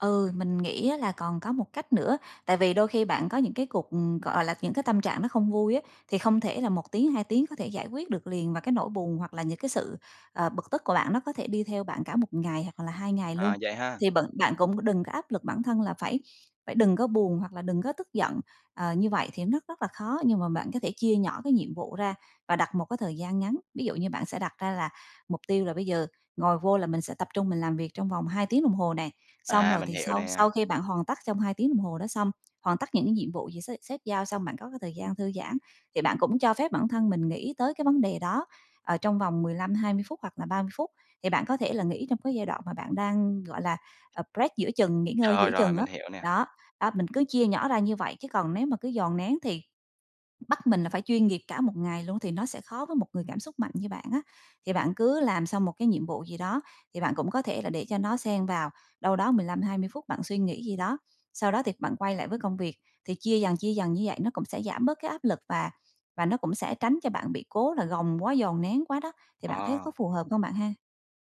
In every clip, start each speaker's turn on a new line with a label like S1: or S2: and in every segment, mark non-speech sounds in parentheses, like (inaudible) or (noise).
S1: Ừ, mình nghĩ á là còn có một cách nữa. Tại vì đôi khi bạn có những cái cuộc ừm, gọi, à, là, những cái tâm trạng nó không vui á, thì không thể là 1 tiếng, 2 tiếng có thể giải quyết được liền. Và cái nỗi buồn hoặc là những cái sự, à, bực tức của bạn nó có thể đi theo bạn cả 1 ngày hoặc là 2 ngày luôn.
S2: À, vậy ha.
S1: Thì bận bạn cũng có đừng có áp lực bản thân là phải phải đừng có buồn hoặc là đừng có tức giận. Ờ, như vậy thì rất- rất là khó. Nhưng mà bạn có thể chia nhỏ cái nhiệm vụ ra và đặt một cái thời gian ngắn. Ví dụ như bạn sẽ đặt ra là mục tiêu là bây giờ ngồi vô là mình sẽ tập trung mình làm việc trong vòng 2 tiếng đồng hồ nè. Xong
S2: À,
S1: rồi
S2: mình
S1: thì
S2: hiểu
S1: sau
S2: nè.
S1: sau khi bạn hoàn tất trong 2 tiếng đồng hồ đó xong, hoàn tất những cái nhiệm vụ gì sếp sếp giao xong, bạn có cái thời gian thư giãn thì bạn cũng cho phép bản thân mình nghĩ tới cái vấn đề đó, ờ, trong vòng 15-20 phút hoặc là 30 phút. Thì bạn có thể là nghĩ trong cái giai đoạn mà bạn đang, gọi là, à, break giữa chừng, nghỉ ngơi
S2: Rồi,
S1: giữa
S2: rồi,
S1: chừng á.
S2: mình hiểu nè.
S1: Đó, đó, mình cứ chia nhỏ ra như vậy, chứ còn nếu mà cứ dồn nén thì bắt mình là phải chuyên nghiệp cả một ngày luôn, thì nó sẽ khó với một người cảm xúc mạnh như bạn á. Thì bạn cứ làm xong một cái nhiệm vụ gì đó, thì bạn cũng có thể là để cho nó xen vào đâu đó 15-20 phút bạn suy nghĩ gì đó. Sau đó thì bạn quay lại với công việc, thì chia dần, chia dần như vậy nó cũng sẽ giảm bớt cái áp lực, và và nó cũng sẽ tránh cho bạn bị cố là gồng quá, dồn nén quá đó. Thì bạn thấy có
S2: À.
S1: phù hợp không bạn ha?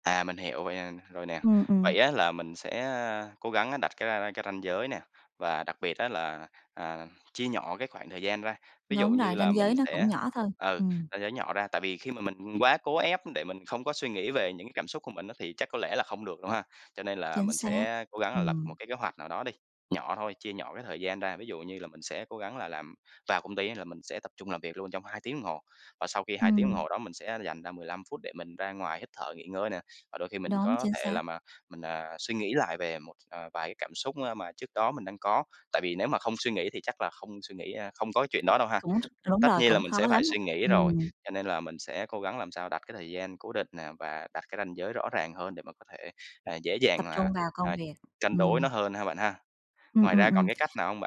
S2: À, mình hiểu vậy, ờ rồi nè.
S1: Ừm, ừm.
S2: Vậy á là mình sẽ, à, cố gắng đặt cái ra ra cái ranh giới nè, và đặc biệt á là, à, chia nhỏ cái khoảng thời gian ra. Ví dụ
S1: Đúng
S2: như
S1: rồi,
S2: là
S1: ranh
S2: mình
S1: giới nó cũng
S2: sẽ
S1: nhỏ thôi,
S2: ừ,
S1: ừm.
S2: (unintelligible) nhỏ ra. Tại vì khi mà mình quá cố ép để mình không có suy nghĩ về những cái cảm xúc của mình á, thì chắc có lẽ là không được đâu ha. Cho nên là
S1: Chính
S2: mình
S1: xác.
S2: sẽ cố gắng là lập một
S1: Ừm.
S2: cái kế hoạch nào đó đi, nhỏ thôi, chia nhỏ cái thời gian ra. Ví dụ như là mình sẽ cố gắng là làm vào công ty á là mình sẽ tập trung làm việc luôn trong 2 tiếng đồng hồ. Và sau khi 2 tiếng đồng
S1: Ừm.
S2: hồ đó, mình sẽ dành ra 15 phút để mình ra ngoài hít thở, nghỉ ngơi nè. Và đôi khi mình
S1: Đúng,
S2: có
S1: chính
S2: thể
S1: xác.
S2: làm, ờ mình, ờ, suy nghĩ lại về một, à, vài cái cảm xúc á mà trước đó mình đang có. Tại vì nếu mà không suy nghĩ thì chắc là không suy nghĩ, a không có cái chuyện đó đâu ha.
S1: Cũng ch đúng
S2: Tất
S1: rồi,
S2: nhiên là
S1: cũng
S2: mình
S1: khó
S2: sẽ phải
S1: lắm,
S2: suy nghĩ rồi,
S1: ừm.
S2: cho nên là mình sẽ cố gắng làm sao đặt cái thời gian cố định nè, và đặt cái ranh giới rõ ràng hơn để mà có thể, à, dễ
S1: Tập
S2: dàng là,
S1: trung vào công
S2: à,
S1: việc,
S2: cân đối nó
S1: ừm.
S2: hơn ha bạn ha.
S1: Ừm,
S2: Ngoài
S1: ừm,
S2: ra còn cái cách
S1: ừm.
S2: nào hông bạn?